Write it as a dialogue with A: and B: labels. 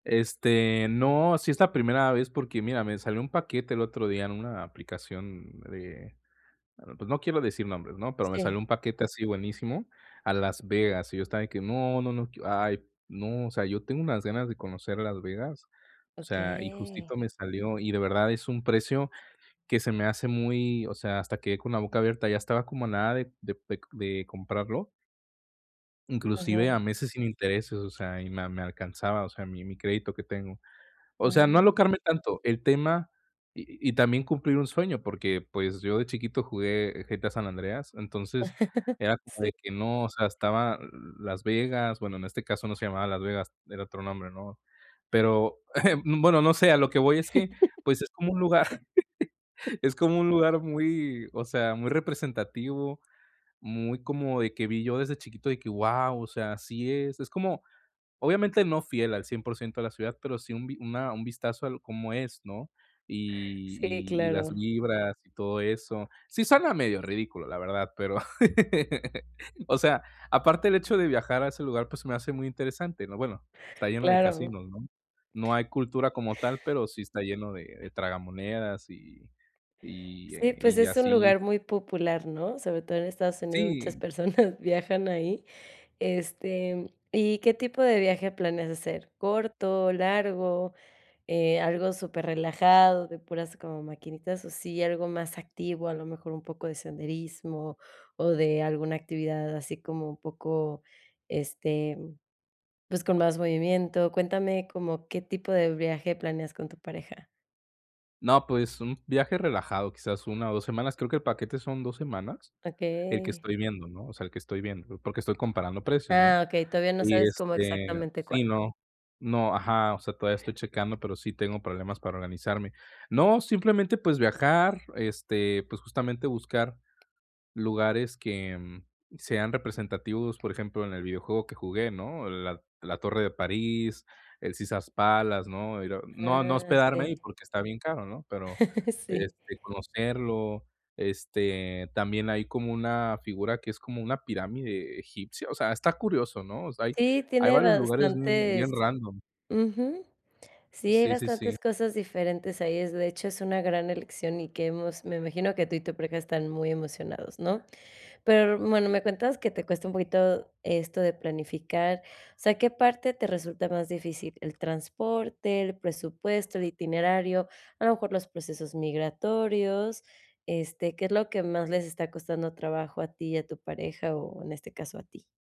A: Este, no, sí es la primera vez porque mira, me salió un paquete el otro día en una aplicación de bueno, pues no quiero decir nombres, ¿no? Pero me salió
B: Sí.
A: un paquete así buenísimo a Las Vegas, y yo estaba que: "No, no, no, que ay, no", o sea, yo tengo unas ganas de conocer Las Vegas, o sea, y
B: Okey
A: justito me salió, y de verdad es un precio que se me hace muy, o sea, hasta quedé con la boca abierta, ya estaba como a nada de de pec de comprarlo inclusive a
B: Ajá.
A: meses sin intereses, o sea, y me a me alcanzaba, o sea, mi mi crédito que tengo. O sea, no
B: Ah.
A: alocarme tanto, el tema y y también cumplir un sueño, porque pues yo de chiquito jugué GTA San Andreas, entonces era como
B: Sí.
A: de que no o sea estaba, l Las Vegas. Bueno, en este caso no se llamaba Las Vegas, era otro nombre, ¿no? Pero, bueno, no sé, a lo que voy es que, pues es como un lugar Es como un lugar muy, o sea, muy representativo, muy como de que vi yo desde chiquito de que, guau, o sea, así es. Es como, obviamente no fiel al 100% de la ciudad, pero sí un vi una un vistazo a l cómo es, ¿no? Y
B: Sí,
A: y y las
B: claro.
A: vibras, y todo eso. Sí suena medio ridículo, la verdad, pero, o sea, aparte el hecho de viajar a ese lugar, pues se me hace muy interesante, ¿no? Bueno, está lleno de
B: Claro.
A: casinos, ¿no? No hay cultura como tal, pero sí está lleno de de tragamonedas y y y,
B: Sí,
A: eh,
B: pues
A: y
B: es un
A: así.
B: lugar muy popular, ¿no? Sobre todo en Estados Unidos, muchas
A: Sí.
B: personas viajan ahí. Este, ¿y qué tipo de viaje planeas hacer? ¿Corto, largo, eh, algo superrelajado, de puras como maquinitas o sí, algo más activo, a lo mejor un poco de senderismo, o de alguna actividad así como un poco, este, pues con más movimiento? Cuéntame como qué tipo de viaje planeas con tu pareja.
A: No, pues, un viaje relajado, quizás 1 o 2 semanas. Creo que el paquete son 2 semanas, el que
B: Okey.
A: estoy viendo, ¿no? O sea, el que estoy viendo, porque estoy comparando precios, ¿no?
B: Ah, okey, todavía no
A: Y
B: sabes como
A: este,
B: exactamente cuál.
A: sí no. No, ajá, o sea, todavía estoy checando, pero sí tengo problemas para organizarme. No, simplemente, pues, viajar, este, pues justamente buscar lugares que, sean representativos. Por ejemplo, en el videojuego que jugué, ¿no? La la Torre de París, el Caesar's Palace, ¿no? Era no no
B: Ah,
A: hospedarme ahí
B: sí.
A: porque está bien caro, ¿no? Pero,
B: Sí.
A: este, conocerlo, este, también hay como una figura que es como una pirámide egipcia. O sea, está curioso, ¿no? O sea, hay
B: Sí,
A: hay
B: tiene
A: varios lugares bien
B: bastantes
A: bien random.
B: ujú. Sí, hay
A: Sí, sí, sí.
B: bastantes cosas diferentes ahí, es de hecho es una gran elección y que hemos me imagino que tú y tu pareja están muy emocionados, ¿no? Pero r bueno, me cuentas que te cuesta un poquito esto de planificar, o sea, ¿qué parte te resulta más difícil? ¿El transporte, el presupuesto, el itinerario, a lo mejor los procesos migratorios? Este, ¿qué es lo que más les está costando trabajo a ti y a tu pareja o, en este caso, a ti?